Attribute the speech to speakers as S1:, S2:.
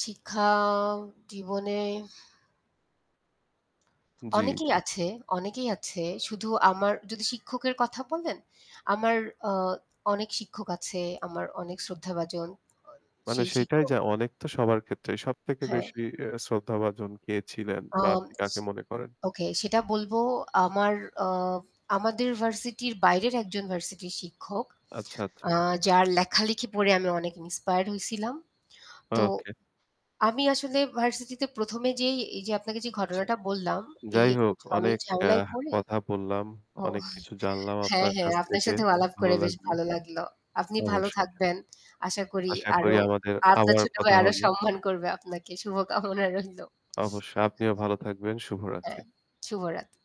S1: শিক্ষা জীবনে
S2: জ্বী,
S1: অনেকেই
S2: জ্বী।
S1: আছে, অনেকেই আছে। শুধু আমার যদি শিক্ষকের কথা বলেন, আমার আ অনেক শিক্ষক আছে, আমার অনেক শ্রদ্ধাভাজন
S2: মানে
S1: সেই
S2: সেটাই,
S1: শিক্ষক।
S2: যা অনেক তো সবার ক্ষেত্রেই। সবথেকে
S1: হ্যাঁ।
S2: বেশি এ্যা শ্রদ্ধাভাজন কে ছিলেন বা আপনি
S1: অমচ
S2: কাকে মনে করেন?
S1: ওকে সেটা বলব আমার আ আমাদের ভার্সিটির বাইরের একজন ভার্সিটির শিক্ষক।
S2: আচ্ছা, আচ্ছা।
S1: আ যার লেখালেখি পড়ে আমি অনেক inspired হইছিলাম। তো
S2: ওকে।
S1: আমি আসলে ভার্সিটিতে ১ এ যেই এই যে আপনাকে যে
S2: আচ্ছা।
S1: ঘটনাটা বললাম এই
S2: যাই
S1: একটা
S2: হোক
S1: ঝমেলা
S2: অনেক আ
S1: ঝামেলায় পড়ে
S2: কথা বললাম।
S1: ওহ
S2: অনেক কিছু জানলাম
S1: হ্যাঁ,
S2: আপনার
S1: হ্যাঁ,
S2: কাছ
S1: আপনার
S2: থেকে।
S1: সাথেও আলাপ
S2: ভালো
S1: করে বেশ
S2: লাগলো।
S1: ভালো লাগলো। আপনি ভালো
S2: অবশ্যই।
S1: থাকবেন। আশা করি
S2: আশা করি
S1: আরো
S2: আমাদের
S1: আপনার
S2: আবার
S1: ছোট ভাই
S2: কথা
S1: আরও
S2: হবে।
S1: সম্মান করবে আপনাকে। শুভকামনা রইলো।
S2: অবশ্যই। আপনিও ভালো থাকবেন। শুভরাত্রি।
S1: হ্যাঁ। শুভরাত।